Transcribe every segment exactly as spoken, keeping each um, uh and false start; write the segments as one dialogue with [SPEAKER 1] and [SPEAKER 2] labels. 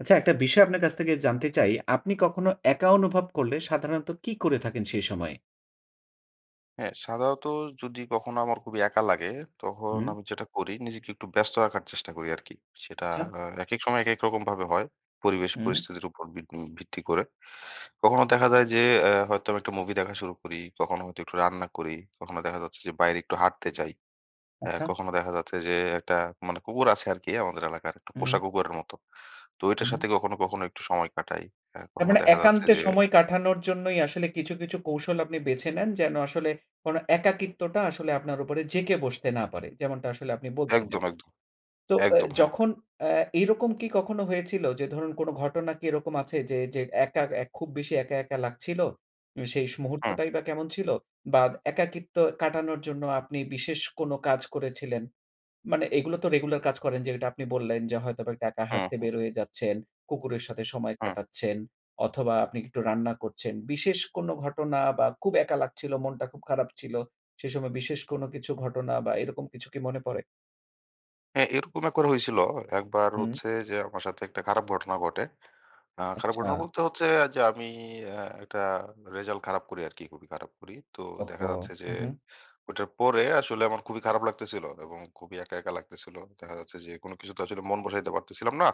[SPEAKER 1] আচ্ছা, একটা বিষয় আপনার কাছ থেকে জানতে চাই, আপনি কখনো একা অনুভব করলে সাধারণত কী করে থাকেন সেই সময়?
[SPEAKER 2] হ্যাঁ, সাধারত যদি কখনো আমার খুবই একা লাগে, তহন
[SPEAKER 1] হুম।
[SPEAKER 2] আমি যেটা করি নিজেকে একটু ব্যস্ত রাখার চেষ্টা করি আরকি। সেটা
[SPEAKER 1] আচ্ছা।
[SPEAKER 2] আ একেক সময় একেক রকমভাবে হয়। পরিবেশ
[SPEAKER 1] হুম।
[SPEAKER 2] পরিস্থিতির উপর ভিনি ভিত্তি করে। কখনো দেখা যায় যে আ হয়তো আমি একটা মুভি দেখা শুরু করি, কখনো হয়তো একটু রান্না করি, কখনো দেখা যাচ্ছে যে বাইরে একটু হাঁটতে যাই, আ
[SPEAKER 1] আচ্ছা।
[SPEAKER 2] কখনো দেখা যাচ্ছে যে, একটা মানে কুকুর আছে আরকি, আমাদের এলাকার। একটা পোষা
[SPEAKER 1] উম
[SPEAKER 2] কুকুরের মতো, তো
[SPEAKER 1] উ
[SPEAKER 2] ওইটার
[SPEAKER 1] হু।
[SPEAKER 2] সাথে কখনো, কখনো একটু সময় কাটাই। হ্যাঁ?
[SPEAKER 1] তার
[SPEAKER 2] কখনো
[SPEAKER 1] মানে
[SPEAKER 2] দেখা যাচ্ছে
[SPEAKER 1] একান্তে
[SPEAKER 2] যে
[SPEAKER 1] সময় কাঠানোর জন্যই আসলে কিছু, কিছু কৌশল আপনি বেছে নেন। যেন আসলে কোনো একাকিত্বটা আসলে আপনার উপরে জেঁকে বসতে না পারে। যেমনটা আসলে আপনি বলছিলেন।
[SPEAKER 2] একদম, একদম।
[SPEAKER 1] তো এ্যা
[SPEAKER 2] একদম, হ্যাঁ।
[SPEAKER 1] যখন আ এরকম কি কখনো হয়েছিল? যে ধরুন কোনো ঘটনা কি এরকম আছে? যে, যে একা, এক খুব বেশি একা, একা লাগছিল, উ সেই স
[SPEAKER 2] হুম।
[SPEAKER 1] মুহূর্তটাই বা কেমন ছিল বা একাকিত্ব কাটানোর জন্য আপনি বিশেষ কোনো কাজ করেছিলেন? মানে এগুলো তো রেগুলার কাজ করেন যেটা আপনি বললেন যে, হয়তোবা একা
[SPEAKER 2] হু,
[SPEAKER 1] হাঁটতে
[SPEAKER 2] হুম।
[SPEAKER 1] বের হয়ে যাচ্ছেন, কুকুরের সাথে সময়
[SPEAKER 2] হুম।
[SPEAKER 1] কাটাচ্ছেন অথবা আপনি একটু রান্না করছেন। বিশেষ কোনো ঘটনা বা খুব একা লাগছিলো মনটা খুব খারাপ ছিল। সেইসময় বিশেষ কোনো কিছু ঘটনা বা এরকম কিছু কি মনে পরে?
[SPEAKER 2] হ্যাঁ, এরকম এ করা হইছিল, একবার
[SPEAKER 1] হু।
[SPEAKER 2] হচ্ছে যে আমার সাথে একটা খারাপ ঘটনা ঘটে। আ খারাপ ঘটনা
[SPEAKER 1] আচ্ছা।
[SPEAKER 2] বলতে হচ্ছে যে আমি অ্যা একটা রেজাল্ট খারাপ করি আরকি খুবই খারাপ করি। তো দেখা
[SPEAKER 1] ওহো!
[SPEAKER 2] যাচ্ছে যে
[SPEAKER 1] উঁহু।
[SPEAKER 2] ঐটার পরে আসলে আমার খুবই খারাপ লাগতেছিল এবং খুবই একা, একা লাগতেছিল। আ দেখা যাচ্ছে যে কোনো কিছু তো আসলে মন বসাইতে পারতেছিলাম না।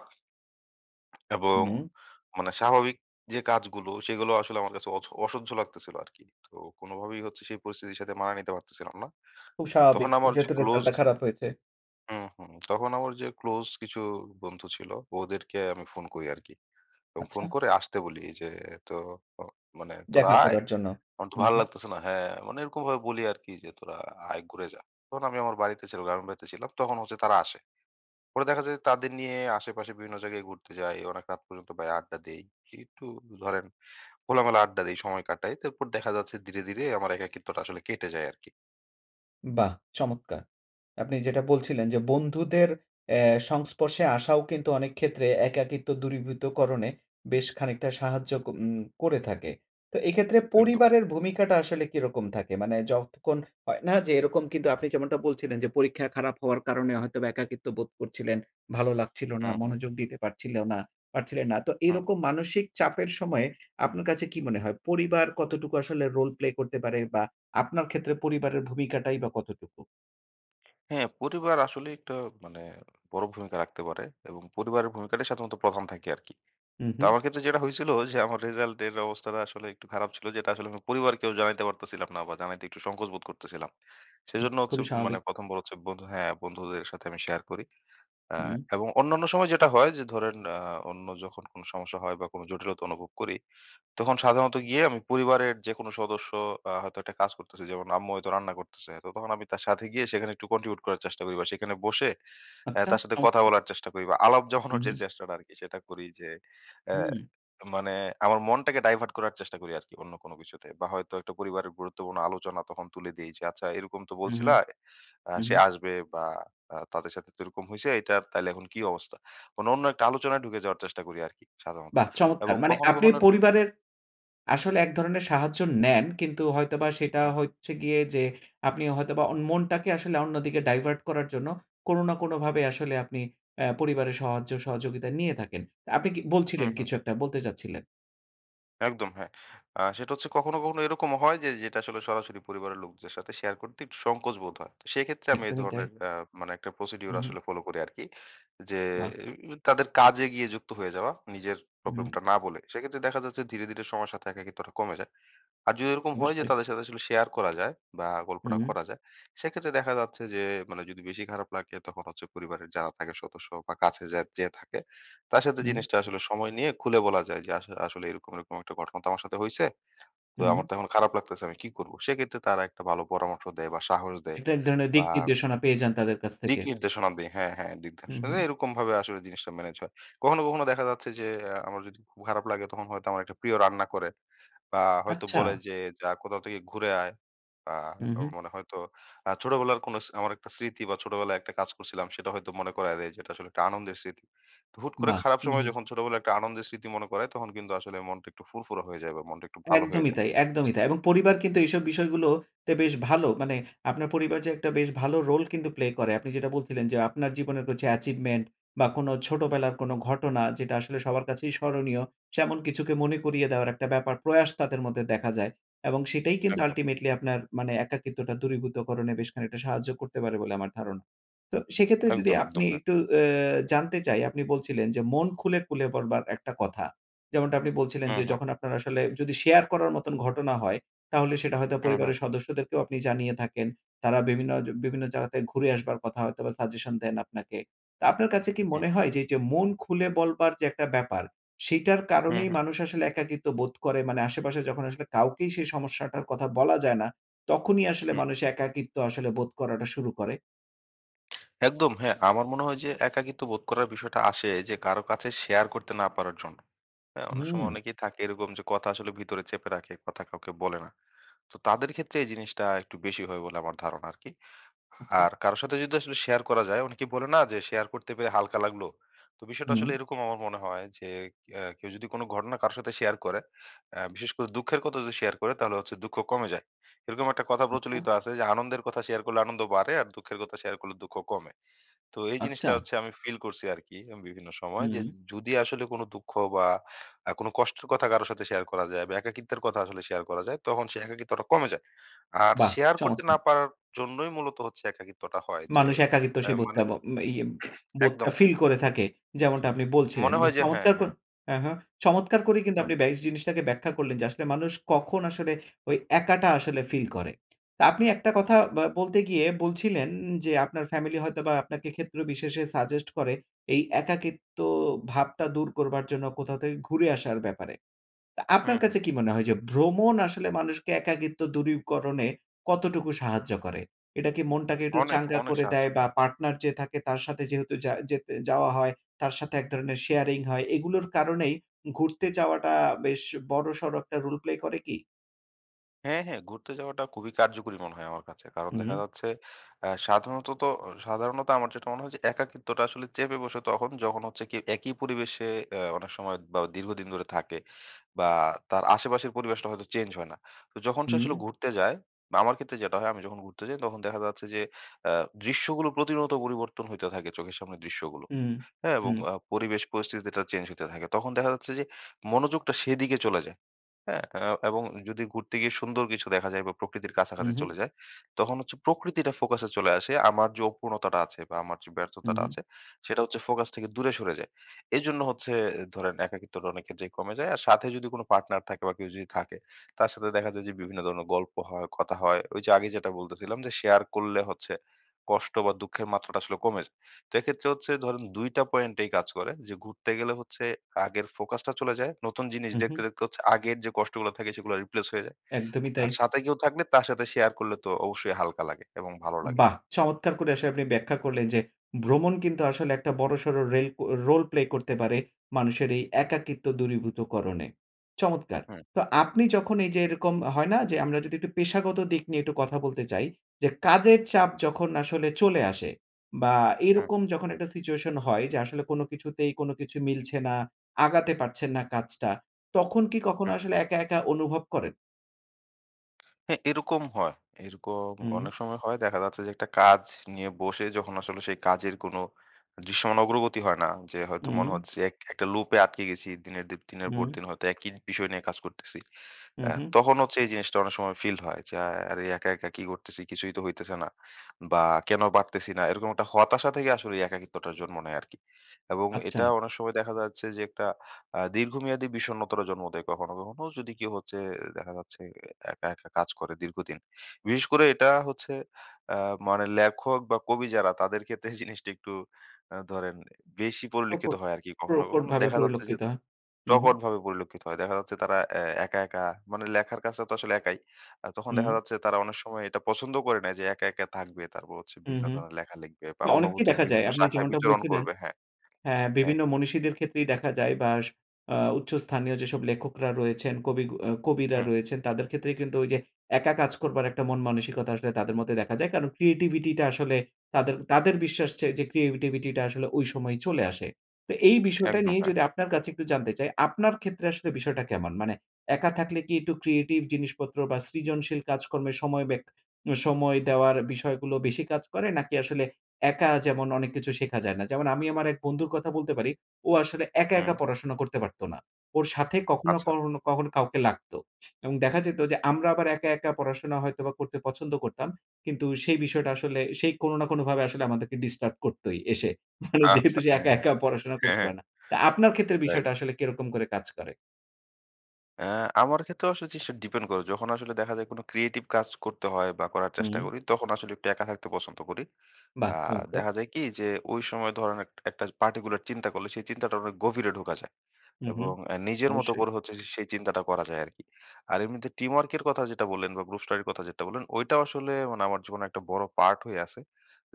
[SPEAKER 2] এবং
[SPEAKER 1] হু।
[SPEAKER 2] মানে স্বাভাবিক যে কাজগুলো সেগুলোও আসলে আমার কাছে অথ অসহ্য লাগতেছিল আরকি। তো কোনভাবেই হচ্ছে সেই পরিস্থিতির সাথে মানাইয়া নিতে পারতেছিলাম না।
[SPEAKER 1] খুব
[SPEAKER 2] তখন
[SPEAKER 1] স্বাভাবিক।
[SPEAKER 2] আমার যে
[SPEAKER 1] যেহেতু রেজাল্ট
[SPEAKER 2] ক্লোজ
[SPEAKER 1] টা খারাপ হয়েছে।
[SPEAKER 2] হুম, হুম। তখন আমার যে ক্লোজ কিছু বন্ধু ছিল ওদেরকে আমি ফোন করি আরকি এবং ফোন
[SPEAKER 1] আচ্ছা।
[SPEAKER 2] করে আসতে বলি এইযে তো অ মানে, "তোরা
[SPEAKER 1] দেখা
[SPEAKER 2] আয়
[SPEAKER 1] করার জন্য।
[SPEAKER 2] আমার তো
[SPEAKER 1] হু,
[SPEAKER 2] ভাল
[SPEAKER 1] হু।
[SPEAKER 2] লাগতেসে না।" হ্যাঁ মানে এরকমভাবে বলি আরকি যে, "তোরা আয় ঘুরে যা।" তখন আমি আমার বাড়িতে ছিলাম, গ্রামের বাড়িতে ছিলাম তখন হচ্ছে তারা আসেনি। পরে দেখা যায় তাদের নিয়ে আশেপাশে বিভিন্ন জায়গায় ঘুরতে যাই। অনেক রাত পর্যন্ত বাইরে আড্ডা দেই। একটু ধরেন খোলামেলা আড্ডা দেই সময় কাটাই। তারপর দেখা যাচ্ছে ধীরে, ধীরে আমার একাকিত্বটা আসলে কেটে যায় আরকি।
[SPEAKER 1] বাহ, চমৎকার! আপনি যেটা বলছিলেন যে বন্ধুদের অ্যা সংস্পর্শে আসাও কিন্তু অনেক ক্ষেত্রে একাকিত্ব দূরীভূতকরণে বেশ খানিকটা সাহায্য ক উম করে থাকে। তো এই ক্ষেত্রে
[SPEAKER 2] একদম।
[SPEAKER 1] পরিবারের ভূমিকাটা আসলে কিরকম থাকে? মানে যখন হয় না যে এরকম কিন্তু আপনি যেমনটা বলছিলেন যে, পরীক্ষা খারাপ হওয়ার কারণে হয়তোবা একাকিত্ব বোধ করছিলেন। ভালো লাগছিল
[SPEAKER 2] হু,
[SPEAKER 1] না,
[SPEAKER 2] হু।
[SPEAKER 1] মনোযোগ দিতে পারছিল না পারছিলেন না। তো
[SPEAKER 2] হু।
[SPEAKER 1] এরকম মানসিক চাপের সময় আপনার কাছে কী মনে হয়? পরিবার কতটুকু আসলে রোল প্লে করতে পারে বা আপনার ক্ষেত্রে পরিবারের ভূমিকাটাই বা কতটুকু?
[SPEAKER 2] হ্যাঁ, পরিবার আসলে একটু মানে বড় ভূমিকা রাখতে পারে এবং পরিবারের ভূমিকাটাই সাধারণত প্রথম থাকে আরকি।
[SPEAKER 1] হু,
[SPEAKER 2] তো
[SPEAKER 1] হু।
[SPEAKER 2] আমার ক্ষেত্রে যেটা হয়েছিল যে আমার রেজাল্ট এর অবস্থাটা আসলে একটু খারাপ ছিল যেটা আসলে পরিবারকেও জানাইতে পারতেছিলাম না বা জানাইতে একটু সংকোচ বোধ করতেছিলাম।
[SPEAKER 1] উ
[SPEAKER 2] সেজন্য হচ্ছে
[SPEAKER 1] খুবই
[SPEAKER 2] মানে
[SPEAKER 1] স্বাভাবিক।
[SPEAKER 2] প্রথম বার হচ্ছে বন্ধু হ্যাঁ, বন্ধুদের সাথে আমি শেয়ার করি আ
[SPEAKER 1] হুম।
[SPEAKER 2] এবং অন্যান্য সময় যেটা হয় যে ধরেন আ অন্য যখন কোনো সমস্যা হয় বা কোনো জটিলতা অনুভব করি তখন সাধারণত গিয়ে আমি পরিবারের যেকোনো সদস্য আ হয়তো একটা কাজ করতেছে, যেমন আম্মু হয়তো রান্না করতেছে। তখন আমি তার সাথে গিয়ে সেখানে একটু কন্ট্রিবিউট করার চেষ্টা করি বা সেখানে বসে অ্যাঁ
[SPEAKER 1] আচ্ছা,
[SPEAKER 2] তার সাথে কথা
[SPEAKER 1] চমৎকার।
[SPEAKER 2] বলার চেষ্টা করি বা আলাপ জমানোর
[SPEAKER 1] হুম,
[SPEAKER 2] যে,
[SPEAKER 1] হু।
[SPEAKER 2] চেষ্টাটা আরকি সেটা করি যে অ্যা
[SPEAKER 1] হুম।
[SPEAKER 2] মানে আমার মনটাকে ডাইভার্ট করার চেষ্টা করি আরকি অন্য কোন কিছুতে বা হয়তো একটা পরিবারের গুরুত্বপূর্ণ আলোচনা তখন তুলে দিয়েছি। "আচ্ছা এরকম তো
[SPEAKER 1] হুম,
[SPEAKER 2] বলছিলা।
[SPEAKER 1] হুম,
[SPEAKER 2] আ
[SPEAKER 1] হুম,
[SPEAKER 2] সে
[SPEAKER 1] হুম।
[SPEAKER 2] আসবে বা আ তাদের সাথে তো এরকম হইছে এটা তাইলে এখন কী অবস্থা?" কোনো অন্য একটা আলোচনায় ঢুকে যাওয়ার চেষ্টা করি আরকি সাধারণত
[SPEAKER 1] বাহ, চমৎকার!
[SPEAKER 2] এবং
[SPEAKER 1] মানে
[SPEAKER 2] কখনো,
[SPEAKER 1] আপনি
[SPEAKER 2] কখনো
[SPEAKER 1] পরিবারের আসলে এক ধরনের সাহায্য নেন কিন্তু হয়তোবা সেটা
[SPEAKER 2] হুম।
[SPEAKER 1] হচ্ছে গিয়ে যে, আপনি হয়তোবা অন মনটাকে আসলে অন্যদিকে ডাইভার্ট করার জন্য কোনো না কোনো ভাবে আসলে আপনি অ্যা পরিবারের সহয্য সহযোগিতা নিয়ে থাকেন। আপনি কি
[SPEAKER 2] হু,
[SPEAKER 1] বলছিলেন,
[SPEAKER 2] হু।
[SPEAKER 1] কিছু একটা বলতে চাচ্ছিলেন।
[SPEAKER 2] একদম হ্যাঁ। আ সেটা হচ্ছে, কখনো, কখনো এরকমও হয় যে যেটা আসলে সরাসরি পরিবারের লোকদের সাথে শেয়ার করতে একটু সংকোচ বোধ হয়। সেক্ষেত্রে, আমি এ
[SPEAKER 1] একদমই তাই।
[SPEAKER 2] ধরনের আ মানে একটা প্রসিডিউর
[SPEAKER 1] উ হু।
[SPEAKER 2] আসলে ফলো করি আরকি। যে
[SPEAKER 1] বাহ!
[SPEAKER 2] এ উ তাদের কাজে গিয়ে যুক্ত হয়ে যাওয়া, নিজের
[SPEAKER 1] হু, হুম।
[SPEAKER 2] প্রবলেমটা না বলে। সেক্ষেত্রে দেখা যাচ্ছে ধীরে, ধীরে সময়ের সাথে একাকিত্বটা কমে যায়। আর যদি এরকম হয় যে,
[SPEAKER 1] অবশ্যই।
[SPEAKER 2] তাদের সাথে আসলে শেয়ার করা যায় বা
[SPEAKER 1] হুম,
[SPEAKER 2] গল্পটা
[SPEAKER 1] হুম।
[SPEAKER 2] করা যায়। সেক্ষেত্রে দেখা যাচ্ছে যে, মানে যদি বেশি খারাপ লাগে তখন হচ্ছে পরিবারের যারা থাকে সদস্য বা কাছে যা যে থাকে, তার সাথে
[SPEAKER 1] হুম।
[SPEAKER 2] জিনিসটা আসলে সময় নিয়ে খুলে বলা যায় যে, আস "আসলে এরকম, এরকম একটা ঘটনা তো আমার সাথে হইছে, তো আমার
[SPEAKER 1] হুম।
[SPEAKER 2] তো এখন খারাপ লাগতেছে, আমি কি করব?" সেক্ষেত্রে, তারা একটা ভালো পরামর্শ দেয় বা সাহস দেয়
[SPEAKER 1] একটা এক ধরনের
[SPEAKER 2] বা
[SPEAKER 1] দিক নির্দেশনা পেয়ে যান তাদের কাছ থেকে।
[SPEAKER 2] দিক নির্দেশনা দেয়। হ্যাঁ, হ্যাঁ, দিক
[SPEAKER 1] হুম,
[SPEAKER 2] নির্দেশনা
[SPEAKER 1] হুম।
[SPEAKER 2] দেয়, এরকমভাবে আসলে জিনিসটা ম্যানেজ হয়। কখনো, কখনো দেখা যাচ্ছে যে, এ্যা আমার যদি খুব খারাপ লাগে, তখন হয়তো আমার একটা প্রিয় রান্না করে বা হয়তো
[SPEAKER 1] আচ্ছা।
[SPEAKER 2] বলে যে, "যা, কোথাও থেকে ঘুরে আয়।" বা
[SPEAKER 1] হু,
[SPEAKER 2] আ
[SPEAKER 1] হু।
[SPEAKER 2] মনে হয়তো আ ছোটবেলার কোনো স আমার একটা স্মৃতি বা ছোটবেলায় একটা কাজ করছিলাম, সেটা হয়তো মনে করায় দেয় যে, এটা আসলে একটা আনন্দের স্মৃতি। তো হুট করে
[SPEAKER 1] বাহ!
[SPEAKER 2] খারাপ
[SPEAKER 1] হু,
[SPEAKER 2] সময়ে
[SPEAKER 1] হু।
[SPEAKER 2] যখন ছোটবেলায় একটা আনন্দের স্মৃতি মনে পরে, তখন কিন্তু আসলে মনটা একটু ফুরফুরা হয়ে যায় বা মনটা একটু ভালো হয়ে
[SPEAKER 1] একদমই
[SPEAKER 2] যায়।
[SPEAKER 1] তাই একদমই তাই। এবং পরিবার কিন্তু এইসব বিষয়গুলো তে বেশ ভালো। মানে আপনার পরিবার যে একটা বেশ ভালো রোল কিন্তু প্লে করে। আপনি যেটা বলছিলেন যে, আপনার জীবনের কিছু অ্যাচিভমেন্ট বা কোনো ছোটবেলার কোনো ঘটনা, যেটা আসলে সবার কাছেই স্মরণীয়, শ্যামন কিছুকে মনে করিয়ে দেওয়ার একটা ব্যাপার, প্রয়াস তাদের মধ্যে দেখা যায়। এবং সেটাই কিন্তু
[SPEAKER 2] একদম।
[SPEAKER 1] আল্টিমেটলি আপনার, মানে একাকিত্বটা দূরীভূতকরণে বেশ খানিকটা সাহায্য করতে পারে বলে আমার ধারণা। তো সেক্ষেত্রে যদি
[SPEAKER 2] একদম, একদম,
[SPEAKER 1] আপনি
[SPEAKER 2] হ্যাঁ।
[SPEAKER 1] একটু অ্যা জানতে চাই, আপনি বলছিলেন যে, মন খুলে, খুলে পড়বার একটা কথা। যেমনটা আপনি বলছিলেন
[SPEAKER 2] হু,
[SPEAKER 1] যে,
[SPEAKER 2] হু।
[SPEAKER 1] যখন আপনার আসলে যদি শেয়ার করার মতন ঘটনা হয়, তাহলে সেটা হয়তো
[SPEAKER 2] হু, হু।
[SPEAKER 1] পরিবারের সদস্যদেরকেও আপনি জানিয়ে থাকেন, তারা বিভিন্নজ বিভিন্ন জায়গাতে ঘুরে আসবার কথা হয়তোবা সাজেশন দেন আপনাকে। তা আপনার কাছে কি
[SPEAKER 2] হুম।
[SPEAKER 1] মনে হয় যে, এইযে মন খুলে বলবার যে একটা ব্যাপার, সেইটার
[SPEAKER 2] হু,
[SPEAKER 1] কারণেই
[SPEAKER 2] হু।
[SPEAKER 1] মানুষ আসলে একাকিত্ব বোধ করে, মানে আশেপাশে যখন আসলে কাউকেই সেই সমস্যাটার কথা বলা যায় না, তখনই আসলে
[SPEAKER 2] হুম।
[SPEAKER 1] মানুষ একাকিত্ব আসলে বোধ করাটা শুরু করে?
[SPEAKER 2] একদম হ্যাঁ, আমার মনে হয় যে একাকিত্ব বোধ করার বিষয়টা আসে যে কারো কাছে শেয়ার করতে না পারার জন্য। হ্যাঁ? অনেক সময়
[SPEAKER 1] হুম।
[SPEAKER 2] অনেকেই থাকে এরকম যে কথা আসলে ভিতরে চেপে রাখে, কথা কাউকে বলে না। তো তাদের ক্ষেত্রে এই জিনিসটা একটু বেশি হয় বলে আমার ধারণা আরকি।
[SPEAKER 1] আচ্ছা।
[SPEAKER 2] আর কারো সাথে যদি আসলে শেয়ার করা যায় অনেকে বলে না? যে শেয়ার করতে পেরে হালকা লাগল। তো বিষয়টা
[SPEAKER 1] হুম।
[SPEAKER 2] আসলে এরকম আমার মনে হয় যে আ কেউ যদি কোন ঘটনা কারো সাথে শেয়ার করে, আ বিশেষ করে দুঃখের কথা যদি শেয়ার করে তাহলে হচ্ছে দুঃখ কমে যায়। এরকম একটা কথা
[SPEAKER 1] আচ্ছা।
[SPEAKER 2] প্রচলিত আছে যে, আনন্দের কথা শেয়ার করলে আনন্দ বাড়ে, আর দুঃখের কথা শেয়ার করলে দুঃখ কমে। তো এই জিনিসটা
[SPEAKER 1] আচ্চা।
[SPEAKER 2] হচ্ছে আমি ফিল করছি আরকি আমি বিভিন্ন সময়। যে
[SPEAKER 1] হুম।
[SPEAKER 2] জুদি আসলে কোন দুঃখ বা আ কোন কষ্টের কথা কারো সাথে শেয়ার করা যায়, বা একাকিত্বের কথা আসলে শেয়ার করা যায় তখন সে একাকিত্বটা কমে যায়। আর
[SPEAKER 1] বাহ!
[SPEAKER 2] শেয়ার করতে না
[SPEAKER 1] চমৎকার!
[SPEAKER 2] পারার জন্যই মূলত হচ্ছে একাকিত্বটা হয় যে
[SPEAKER 1] মানুষ একাকিত্ব
[SPEAKER 2] অ্যা
[SPEAKER 1] সেই বোধটা
[SPEAKER 2] মানে
[SPEAKER 1] বো ই বোধটা
[SPEAKER 2] একদম। হ্যাঁ।
[SPEAKER 1] ফিল করে থাকে যেমনটা আপনি বলছিলেন।
[SPEAKER 2] মনে হয়
[SPEAKER 1] [unintelligible]
[SPEAKER 2] যে হ্যাঁ,
[SPEAKER 1] চমৎকার
[SPEAKER 2] হ্যাঁ।
[SPEAKER 1] করে হ্যাঁ, হ্যাঁ। চমৎকার করেই কিন্তু
[SPEAKER 2] হু।
[SPEAKER 1] আপনি ব্যা এই জিনিসটাকে ব্যাখ্যা করলেন যে আসলে মানুষ কখন আসলে ঐ একাটা আসলে ফিল করে। তা আপনি একটা কথা ব্যা বলতে গিয়ে বলছিলেন, যে আপনার ফ্যামিলি হয়তোবা আপনাকে ক্ষেত্র বিশেষে সাজেস্ট করে, এই একাকিত্ব ভাবটা দূর করবার জন্য, কোথাও থেকে ঘুরে আসার ব্যাপারে। তা
[SPEAKER 2] হুম,
[SPEAKER 1] আপনার
[SPEAKER 2] হুম।
[SPEAKER 1] কাছে কি মনে হয়? যে ভ্রমণ আসলে মানুষকে একাকিত্ব দূরীকরণে কতটুকু সাহায্য করে? এটা কি মনটাকে একটু
[SPEAKER 2] অনেক,
[SPEAKER 1] চাঙ্গা
[SPEAKER 2] অনেক
[SPEAKER 1] করে
[SPEAKER 2] সাহায্য
[SPEAKER 1] দেয়? বা
[SPEAKER 2] করে।
[SPEAKER 1] পার্টনার যে থাকে তার সাথে যেহেতু যা যেতে যাওয়া হয়, তার সাথে এক ধরনের শেয়ারিং হয় এগুলোর কারণেই, ঘুরতে যাওয়াটা বেশ বড়সড় একটা রোল প্লে করে কি?
[SPEAKER 2] হ্যাঁ, হ্যাঁ! ঘুরতে যাওয়াটা কুবই কার্যকরী মনে হয় আমার কাছে। কারণ
[SPEAKER 1] উ হু।
[SPEAKER 2] দেখা যাচ্ছে অ্যা সাধারণতত অ সাধারণত আমার যেটা মনে, হয় একাকিত্বটা আসলে চেপে বসে তখন যখন হচ্ছে কি একি পরিবেশে অ্যা অনেক সময় বা দীর্ঘদিন ধরে থাকে। বা তার আশেপাশের পরিবেশটা হয়তো চেঞ্জ হয় না। তো যখন সে আসলে
[SPEAKER 1] উম
[SPEAKER 2] ঘুরতে যায় বা আমার ক্ষেত্রে যেটা হয় আমি যখন ঘুরতে যাই তখন দেখা যাচ্ছে যে আ দৃশ্যগুলো প্রতিনিয়ত পরিবর্তন হইতে থাকে চোখের সামনে দৃশ্যগুলো।
[SPEAKER 1] উম
[SPEAKER 2] হ্যাঁ এবং
[SPEAKER 1] হু।
[SPEAKER 2] আ পরিবেশ পরিস্থিতিটা চেঞ্জ হইতে থাকে তখন দেখা যাচ্ছে, যে মনোযোগটা সেদিকে চলে যায়। হ্যাঁ? আ এবং যদি ঘুরতে গিয়ে সুন্দর কিছু দেখা যায় বা প্রকৃতির
[SPEAKER 1] উ
[SPEAKER 2] কাছাকাছি
[SPEAKER 1] হু।
[SPEAKER 2] চলে যায়। তখন হচ্ছে প্রকৃতিটা ফোকাসে চলে আসে। আমার যো অপূর্ণতাটা আছে বা আমার যে
[SPEAKER 1] উ
[SPEAKER 2] ব্যর্থতাটা
[SPEAKER 1] হু।
[SPEAKER 2] আছে, সেটা হচ্ছে ফোকাস থেকে দূরে সরে যায়। এজন্য হচ্ছে ধরেন, একাকিত্বটা অনেক ক্ষেত্রেই কমে যায়। আর সাথে যদি কোনো পার্টনার থাকে বা কেউ যদি থাকে, তার সাথে দেখা যায় যে বিভিন্ন ধরনের গল্প হয়, কথা হয়। ওই যে আগে যেটা বলতেছিলাম, যে শেয়ার করলে হচ্ছে কষ্ট বা দুঃখের মাত্রাটা আসলে কমে যায়। তো এক্ষেত্রে হচ্ছে ধরেন, দুই টা পয়েন্ট এই কাজ করে যে ঘুরতে গেলে হচ্ছে আগের ফোকাসটা চলে যায়। নতুন জিনিস
[SPEAKER 1] উ হু।
[SPEAKER 2] দেখতে, দেখতে হচ্ছে আগের যে কষ্টগুলা থাকে সেগুলা রিপ্লেস হয়ে যায়।
[SPEAKER 1] একদমই তাই।
[SPEAKER 2] আর সাথে কেউ থাকলে তার সাথে শেয়ার করলে তো অবশ্যই হালকা লাগে এবং ভালো লাগে।
[SPEAKER 1] বাহ! চমৎকার করে আসলে আপনি ব্যাখ্যা করলেন, যে ভ্রমণ কিন্তু আসলে একটা বড়সর রেল ও রোল প্লে করতে পারে মানুষের এই একাকিত্ব দূরীভূত করনে। চমৎকার!
[SPEAKER 2] হু।
[SPEAKER 1] তো আপনি যখন এই যে এরকম হয় না? যে আমরা যদি একটু পেশাগত দিক নিয়ে একটু কথা বলতে চাই। যে কাজের চাপ যখন আসলে চলে আসে বা
[SPEAKER 2] হু।
[SPEAKER 1] এরকম যখন একটা সিচুয়েশন হয় যে আসলে কোনো কিছুতেই কোনো কিছু মিলছে না, আগাতে পারছেন না কাজটা, তখন কি কখনো
[SPEAKER 2] হু।
[SPEAKER 1] আসলে একা, একা অনুভব করেন?
[SPEAKER 2] হ্যাঁ, এরকম হয়। এরকম
[SPEAKER 1] উম
[SPEAKER 2] অনেক সময় হয়। দেখা যাচ্ছে যে একটা কাজ নিয়ে বসে যখন আসলে সেই কাজের কোনো দৃশ্যমান অগ্রগতি হয় না যে হয়তো মনে
[SPEAKER 1] উম
[SPEAKER 2] হচ্ছে এক একটা লুপে আটকে গেছি দিনের দি দিনের পর
[SPEAKER 1] উম
[SPEAKER 2] দিন হয়তো একই বিষয় নিয়ে কাজ করতেছি।
[SPEAKER 1] উ
[SPEAKER 2] অ্যা
[SPEAKER 1] হু।
[SPEAKER 2] তখন হচ্ছে এই জিনিসটা অনেক সময় ফিল হয় য্যা আরে একা, একা কি করতেছি? কিছুই তো হইতেছে না। বা কেনো পারতেছিনা না, এরকম একটা হতাশা থেকে আসলে ওই একাকিত্বটার জন্ম নেয় আরকি। এবং
[SPEAKER 1] আচ্চা।
[SPEAKER 2] এটা অনেক সময় দেখা যাচ্ছে, যে একটা আ দীর্ঘমেয়াদী বিষণ্ণতারও জন্ম দেয় কখনো, কখনো যদি কেউ হচ্ছে দেখা যাচ্ছে অ্যা একা, একা কাজ করে দীর্ঘদিন। বিশেষ করে এটা হচ্ছে অ্যা মানে লেখক বা কবি যারা তাদের ক্ষেত্রে এই জিনিসটা একটু অ্যা ধরেন বেশি পরিলক্ষিত
[SPEAKER 1] প্রকট
[SPEAKER 2] হয় আরকি। কখনো,
[SPEAKER 1] প্রকট
[SPEAKER 2] কখনো
[SPEAKER 1] ভাবে
[SPEAKER 2] দেখা যাচ্ছে, যে
[SPEAKER 1] পরিলকিত হ উ হু।
[SPEAKER 2] প্রকটভাবে পরিলক্ষিত হয়। দেখা যাচ্ছে তারা অ্যা একা, একা মানে লেখার কাজটা তো আসলে একাই। আ তখন দেখা
[SPEAKER 1] হুম।
[SPEAKER 2] যাচ্ছে তারা অনেক সময় এটা পছন্দও করে নেয় যে একা, একা থাকবে তারপর হচ্ছে
[SPEAKER 1] উ
[SPEAKER 2] বিভিন্ন
[SPEAKER 1] হু,
[SPEAKER 2] ধরনের লেখা লেখবে বা
[SPEAKER 1] না অনেককেই
[SPEAKER 2] অনুভূতির
[SPEAKER 1] দেখা যায়।
[SPEAKER 2] বিভিন্ন
[SPEAKER 1] আপনি
[SPEAKER 2] শাখায়
[SPEAKER 1] যেমনটা
[SPEAKER 2] বিচরণ
[SPEAKER 1] বলছিলেন
[SPEAKER 2] করবে হ্যাঁ,
[SPEAKER 1] হ্যাঁ,
[SPEAKER 2] হ্যাঁ।
[SPEAKER 1] বিভিন্ন মনীষীদের ক্ষেত্রেই দেখা যায় বা স আ উচ্চ স্থানীয় যেসব লেখকরা রয়েছেন কবি গ কবিরা
[SPEAKER 2] হুম।
[SPEAKER 1] রয়েছে তাদের ক্ষেত্রে কিন্তু ঐযে একা কাজ করবার একটা মন-মানসিকতা আসলে তাদের মধ্যে দেখা যায়। কারণ ক্রিয়েটিভিটিটা আসলে তাদের তাদের বিশ্বাস যে, যে ক্রিয়েটিভিটিটা আসলে ঐ সময়ই চলে আসে। তো এই বিষয়টা
[SPEAKER 2] একদম
[SPEAKER 1] নিয়েই
[SPEAKER 2] হ্যাঁ।
[SPEAKER 1] যদি আপনার কাছে একটু জানতে চাই, আপনার ক্ষেত্রে আসলে বিষয়টা কেমন? মানে একা থাকলে কি একটু ক্রিয়েটিভ জিনিসপত্র বা সৃজনশীল কাজকর্মে সময় ব্যাক সময় দেওয়ার বিষয়গুলো বেশি কাজ করে? নাকি আসলে একা যেমন অনেক কিছু শেখা যায় না? যেমন আমি আমার এক বন্ধুর কথা বলতে পারি ও আসলে একা, একা
[SPEAKER 2] হুম।
[SPEAKER 1] পড়াশোনা করতে পারতো না ওর সাথে কখনো,
[SPEAKER 2] আচ্ছা।
[SPEAKER 1] করনও, কখনো কাউকে লাগতো [unintelligible] এবং দেখা যেতো যে আমরা আবার একা, একা পড়াশোনা হয়তোবা করতে পছন্দ করতাম কিন্তু সেই বিষয়টা আসলে সেই কোনো না কোনোভাবে আসলে আমাদেরকে ডিস্টার্ব করতোই এসে। মানে
[SPEAKER 2] আচ্ছা
[SPEAKER 1] যেহেতু সে
[SPEAKER 2] হ্যাঁ,
[SPEAKER 1] একা,
[SPEAKER 2] হ্যাঁ,
[SPEAKER 1] একা পড়াশোনা
[SPEAKER 2] হ্যাঁ,
[SPEAKER 1] করতে
[SPEAKER 2] হ্যাঁ।
[SPEAKER 1] পায় না। তা আপনার ক্ষেত্রে
[SPEAKER 2] রাইট।
[SPEAKER 1] বিষয়টা আসলে কিরকম করে কাজ করে?
[SPEAKER 2] অ্যা আমার ক্ষেত্রেও আসলে যেসে ডিপেন করে, যখন আসলে দেখা যায় কোনো ক্রিয়েটিভ কাজ করতে হয় বা করার
[SPEAKER 1] উ
[SPEAKER 2] চেষ্টা
[SPEAKER 1] হুম।
[SPEAKER 2] করি, তখন আসলে একটু একা থাকতে পছন্দ করি। আ
[SPEAKER 1] বাহ! চমৎকার!
[SPEAKER 2] দেখা যায় কি? যে ওই সময় ধরেন একট একটা পার্টিকুলার চিন্তা করলে, সেই চিন্তাটার অনেক গভীরে ঢোকা যায়
[SPEAKER 1] হু, হু।
[SPEAKER 2] এবং অ্যা নিজের মতো
[SPEAKER 1] অবশ্যই।
[SPEAKER 2] করে হচ্ছে যে সেই চিন্তাটা করা যায় আরকি। আর এমনিতে টিমওয়ার্কের কথা যেটা বললেন বা গ্রুপ স্টাডির কথা যেটা বললেন, ওইটাও আসলে মানে আমার জীবনে একটা বড় পার্ট হয়ে আছে।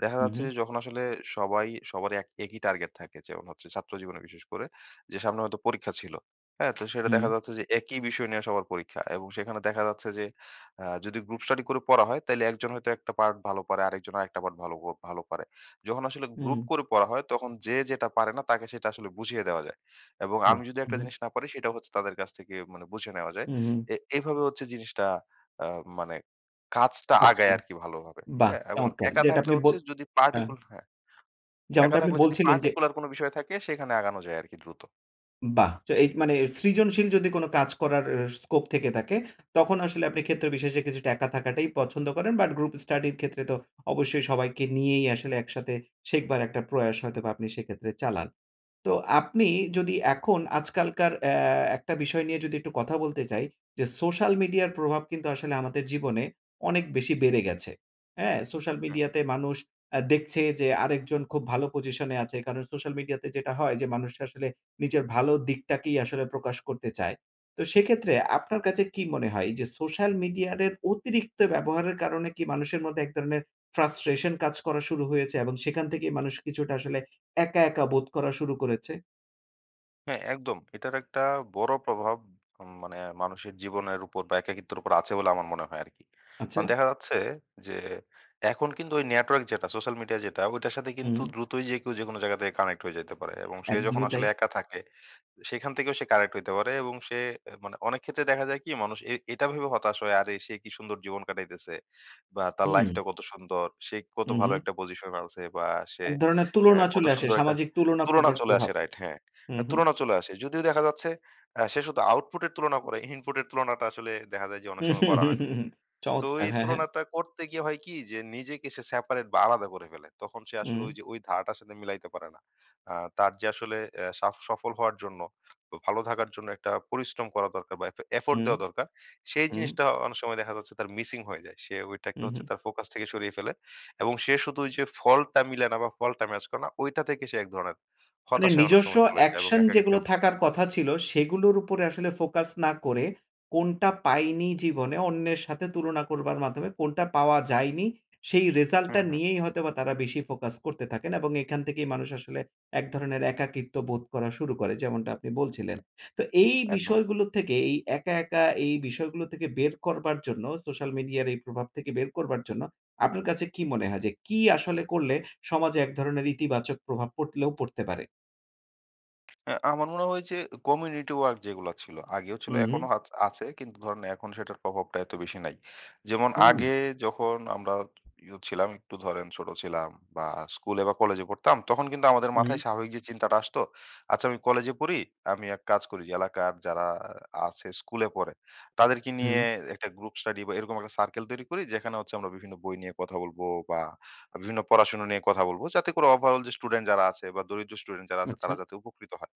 [SPEAKER 2] দেখা
[SPEAKER 1] হুম,
[SPEAKER 2] যাচ্ছে
[SPEAKER 1] হু।
[SPEAKER 2] যে যখন আসলে সবাই সবারই এক একই টার্গেট থাকে, যেমন হচ্ছে ছাত্র জীবনে বিশেষ করে। যে সামনে হয়তো পরীক্ষা ছিলো, হ্যাঁ? তো সেটা দেখা
[SPEAKER 1] হুম।
[SPEAKER 2] যাচ্ছে যে, একই বিষয় নিয়ে সবার পরীক্ষা এবং সেখানে দেখা যাচ্ছে যে, আ যদি গ্রুপ স্টাডি করে পড়া হয়, তাইলে একজন হয়তো একটা পার্ট ভালো পারে। আরেকজন আরেকটা পার্ট ভালো প ভালো পারে। যখন আসলে গ্রুপ
[SPEAKER 1] উম
[SPEAKER 2] করে পড়া হয়, তখন যে যেটা পারে না, তাকে সেটা আসলে বুঝিয়ে দেওয়া যায়। এবং
[SPEAKER 1] বাহ!
[SPEAKER 2] আমি যদি
[SPEAKER 1] উম
[SPEAKER 2] একটা
[SPEAKER 1] হু।
[SPEAKER 2] জিনিস না পারি, সেটা হচ্ছে তাদের কাছ থেকে মানে বুঝে নেওয়া যায়।
[SPEAKER 1] হুম, হু।
[SPEAKER 2] এ এভাবে হচ্ছে যে জিনিসটা আ মানে কাজটা
[SPEAKER 1] কাজ
[SPEAKER 2] আগায়
[SPEAKER 1] কর
[SPEAKER 2] আরকি ভালোভাবে,
[SPEAKER 1] বাহ!
[SPEAKER 2] হ্যাঁ? এবং
[SPEAKER 1] চমৎকার।
[SPEAKER 2] একা
[SPEAKER 1] যেটা
[SPEAKER 2] থাকলে
[SPEAKER 1] আপনি ব
[SPEAKER 2] হচ্ছে যদি
[SPEAKER 1] হ্যাঁ।
[SPEAKER 2] পার্টিকুল হ্যাঁ। একা
[SPEAKER 1] যেমনটা আপনি
[SPEAKER 2] থাকলে যদি
[SPEAKER 1] বলছিলেন যে
[SPEAKER 2] পার্টিকুলার কোনো বিষয় থাকে সেখানে আগানো যায় আরকি দ্রুত।
[SPEAKER 1] বাহ! তো এই মানে সৃজনশীল যদি কোনো কাজ করার এ স্কোপ থেকে থাকে, তখন আসলে আপনি ক্ষেত্র বিশেষে কিছুটা একা থাকাটাই পছন্দ করেন। বাট গ্রুপ স্টাডির ক্ষেত্রে তো অবশ্যই সবাইকে নিয়েই আসলে একসাথে শেখবার একটা প্রয়াস হয়তোবা আপনি সেক্ষেত্রে চালান। তো আপনি যদি এখন আজকালকার অ্যা একটা বিষয় নিয়ে যদি একটু কথা বলতে চাই, যে সোশ্যাল মিডিয়ার প্রভাব কিন্তু আসলে আমাদের জীবনে অনেক বেশি বেড়ে গেছে, হ্যাঁ? সোশ্যাল
[SPEAKER 2] হ্যাঁ।
[SPEAKER 1] মিডিয়াতে মানুষ আ দেখছে যে, আরেকজন খুব ভালো পজিশনে আছে। কারণ সোশ্যাল মিডিয়াতে যেটা হয় যে, মানুষ আসলে নিজের ভালো দিকটাকেই আসলে প্রকাশ করতে চায়। তো সেক্ষেত্রে আপনার কাছে কী মনে হয়? এইযে সোশ্যাল মিডিয়ারের অতিরিক্ত ব্যবহারের কারণে কি মানুষের মধ্যে এক ধরনের ফ্রাস্ট্রেশন কাজ করা শুরু হয়েছে? এবং সেখান থেকেই মানুষ কিছুটা আসলে একা, একা বোধ করা শুরু করেছে?
[SPEAKER 2] হ্যাঁ, একদম। এটার একটা বড় প্রভাব ম মানে মানুষের জীবনের উপর বা একাকিত্বের উপর আছে বলে আমার মনে হয় আরকি। এখন
[SPEAKER 1] আচচা।
[SPEAKER 2] দেখা যাচ্ছে যে, এখন কিন্তু ওই নেটওয়ার্ক যেটা সোশ্যাল মিডিয়া যেটা ঐটার সাথে কিন্তু
[SPEAKER 1] হুম।
[SPEAKER 2] দ্রুতই যে কেউ যেকোনো জায়গা থেকে কানেক্ট হয়ে যাইতে পারে। এবং সে যখন
[SPEAKER 1] একদমই তাই।
[SPEAKER 2] আসলে একা থাকে, সেখান থেকেও সে কানেক্ট হইতে পারে এবং সে মানে অনেক ক্ষেত্রে দেখা যায় কি মানুষ এ এটা ভেবে হতাশ হয় আরে সে কি সুন্দর জীবন কাটাইতেছে! বা তার
[SPEAKER 1] হু।
[SPEAKER 2] লাইফটা কত সুন্দর! সে কত
[SPEAKER 1] উ
[SPEAKER 2] ভালো
[SPEAKER 1] হু।
[SPEAKER 2] একটা পজিশন এ আছে! বা সে
[SPEAKER 1] এক ধরণের
[SPEAKER 2] হ্যাঁ,
[SPEAKER 1] তুলনা
[SPEAKER 2] কত
[SPEAKER 1] চলে আসে,
[SPEAKER 2] সুন্দর একটা
[SPEAKER 1] সামাজিক তুলনা
[SPEAKER 2] তুলনা
[SPEAKER 1] করবার
[SPEAKER 2] চলে
[SPEAKER 1] প্রভাব,
[SPEAKER 2] আসে রাইট হ্যাঁ,
[SPEAKER 1] উ হু।
[SPEAKER 2] তুলনা চলে আসে। যদিও দেখা যাচ্ছে আ সে শুধু আউটপুট এর তুলনা করে, ইনপুট এর তুলনাটা আসলে দেখা যায় যে
[SPEAKER 1] হু,
[SPEAKER 2] অনেক সময়
[SPEAKER 1] হু,
[SPEAKER 2] করা
[SPEAKER 1] হু,
[SPEAKER 2] হয় না।
[SPEAKER 1] হু
[SPEAKER 2] তো
[SPEAKER 1] চমৎকার।
[SPEAKER 2] ওই
[SPEAKER 1] হ্যাঁ, হ্যাঁ।
[SPEAKER 2] তুলনাটা করতে গিয়ে হয় কি যে নিজেকে সে সেপারেট বা আলাদা করে ফেলে। তখন সে আসলে ঐ
[SPEAKER 1] হুম।
[SPEAKER 2] যে ঐ ধারাটার সাথে মিলাইতে পারে না। আ তার যে আসলে এ সাফ সফল হওয়ার জন্য ভালো থাকার জন্য একটা পরিশ্রম করা দরকার বা এফ এফোর্ট
[SPEAKER 1] হুম,
[SPEAKER 2] দেওয়া দরকার। সেই
[SPEAKER 1] হুম।
[SPEAKER 2] জিনিসটা অনেক সময় দেখা যাচ্ছে তার মিসিং হয়ে যায়। সে
[SPEAKER 1] হু,
[SPEAKER 2] ঐটাকে হচ্ছে
[SPEAKER 1] হু।
[SPEAKER 2] তার ফোকাস থেকে সরিয়ে ফেলে। এবং সে শুধু ওই যে ফলটা মিলানো বা ফলটা ম্যাচ করে না ঐটা থেকে সে এক ধরনের,
[SPEAKER 1] মানে
[SPEAKER 2] হতাশায় অনেক
[SPEAKER 1] নিজস্ব
[SPEAKER 2] সময় চলে যায় এবং
[SPEAKER 1] অ্যাকশন যেগুলো
[SPEAKER 2] একাকীত্বের মধ্যে
[SPEAKER 1] থাকার কথা ছিল, সেগুলোর উপরে আসলে ফোকাস না করে কোনটা পায়নি, জীবনে অন্যের সাথে তুলনা করবার মাধ্যমে কোনটা পাওয়া যায়নি সেই
[SPEAKER 2] হু,
[SPEAKER 1] রেজাল্টটা
[SPEAKER 2] হু।
[SPEAKER 1] নিয়েই হয়তোবা তারা বেশি ফোকাস করতে থাকেন। এবং এখান থেকেই মানুষ আসলে এক ধরনের একাকিত্ব বোধ করা শুরু করে। যেমনটা আপনি বলছিলেন। তো এই
[SPEAKER 2] একদম।
[SPEAKER 1] বিষয়গুলো থেকে এই একা, একা এই বিষয়গুলো থেকে বের করবার জন্য, সোশ্যাল মিডিয়ার এই প্রভাব থেকে বের করবার জন্য, আপনার কাছে কি মনে হয় যে কি আসলে করলে সমাজে এক ধরনের ইতিবাচক প্রভাব পটলেও পড়তে পারে?
[SPEAKER 2] অ্যা আমার মনে হয় যে অ্যা কমিউনিটি ওয়ার্ক যেগুলা ছিল আগেও ছিল
[SPEAKER 1] হুম, হুম।
[SPEAKER 2] এখনো হাছ আছে কিন্তু ধরেন এখন সেটার প্রভাবটা এতো বেশি নাই। যেমন
[SPEAKER 1] হুম।
[SPEAKER 2] আগে যখন আমরা ই অ ছিলাম একটু ধরেন ছোট ছিলাম বা স্কুলে বা কলেজে পড়তাম তখন কিন্তু আমাদের
[SPEAKER 1] উম
[SPEAKER 2] মাথায়
[SPEAKER 1] হুম।
[SPEAKER 2] স্বাভাবিক যে চিন্তাটা আসতো আচ্ছা আমি কলেজে পড়ি আমি এক কাজ করি যে এলাকার যারা আ আছে স্কুলে পড়ে তাদেরকে নিয়ে
[SPEAKER 1] হুম।
[SPEAKER 2] একটা গ্রুপ স্টাডি বা এরকম একটা সার্কেল তৈরি করি যেখানে হচ্ছে আমরা বিভিন্ন বই নিয়ে কথা বলবো বা বিভিন্ন পড়াশোনা নিয়ে কথা বলবো। যাতে করে ওভারঅল যে স্টুডেন্ট যারা আছে বা দরিদ্র স্টুডেন্ট যারা আছে
[SPEAKER 1] আচ্ছা।
[SPEAKER 2] তারা যাতে উপকৃত হয়।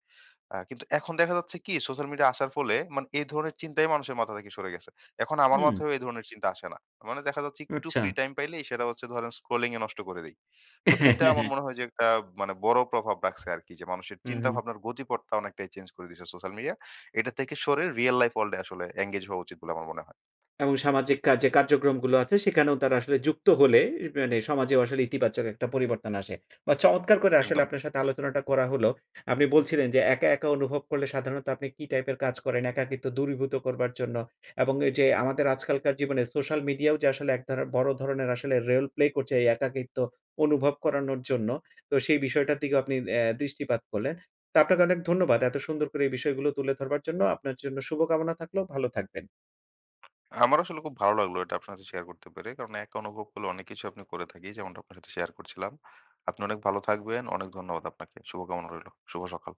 [SPEAKER 2] আ কিন্তু এখন দেখা যাচ্ছে কি সোশ্যাল মিডিয়া আসার ফলে মানে এ ধরনের চিন্তাই মানুষের মাথা থেকে সরে গেছে। এখন আমার
[SPEAKER 1] হুম।
[SPEAKER 2] মাথায়ও এধরনের চিন্তা আসে না। মানে দেখা যাচ্ছে একটু ফ্রি
[SPEAKER 1] আচ্ছা।
[SPEAKER 2] টাইম পাইলেই সেটা হচ্ছে ধরেন স্ক্রোলিং এ নষ্ট করে দেই। তো এটা আমার মনে হয় যে একটা মানে বড় প্রভাব রাখছে আরকি যে মানুষের
[SPEAKER 1] হুম, হুম।
[SPEAKER 2] চিন্তাভাবনার গতিপথটা অনেকটাই চেঞ্জ করে দিছে সোশ্যাল মিডিয়া। এটা থেকে সরে রিয়াল লাইফ ওয়ার্ল্ড এ আসলে এনগেজ হওয়া উচিত বলে আমার মনে হয়।
[SPEAKER 1] এবং সামাজিক কাজে কার্যক্রমগুলো আছে সেখানেও তারা আসলে যুক্ত হলে ই মানে সমাজেও আসলে ইতিবাচক একটা পরিবর্তন আসে। বা চমৎকার করে আসলে
[SPEAKER 2] একদম।
[SPEAKER 1] আপনার সাথে আলোচনাটা করা হলো। আপনি বলছিলেন যে একা, একা অনুভব করলে সাধারণত আপনি কি টাইপের কাজ করেন, একাকিত্ব দূরীভূত করবার জন্য। এবং এই যে আমাদের আজকালকার জীবনে সোশ্যাল মিডিয়াও যে আসলে এক ধারার বড় ধরনের আসলে রেল প্লে করছে এই একাকিত্ব অনুভব করানোর জন্য। তো সেই বিষয়টার দিকেও আপনি অ্যা দৃষ্টিপাত করলেন। তো আপনাকে অনেক ধন্যবাদ। এতো সুন্দর করে এই বিষয়গুলো তুলে ধরবার জন্য। আপনার জন্য শুভকামনা থাকলো ভালো থাকবেন।
[SPEAKER 2] আমার আসলে খুব ভালো লাগলো এটা আপনার সাথে শেয়ার করতে পেরে। কারণ একা অনুভব করলে অনেক কিছুই আপনি করে থাকি যেমনটা আপনার সাথে শেয়ার করছিলাম। আপনি অনেক ভালো থাকবেন। অনেক ধন্যবাদ আপনাকে। শুভ কামনা রইলো। শুভ সকাল।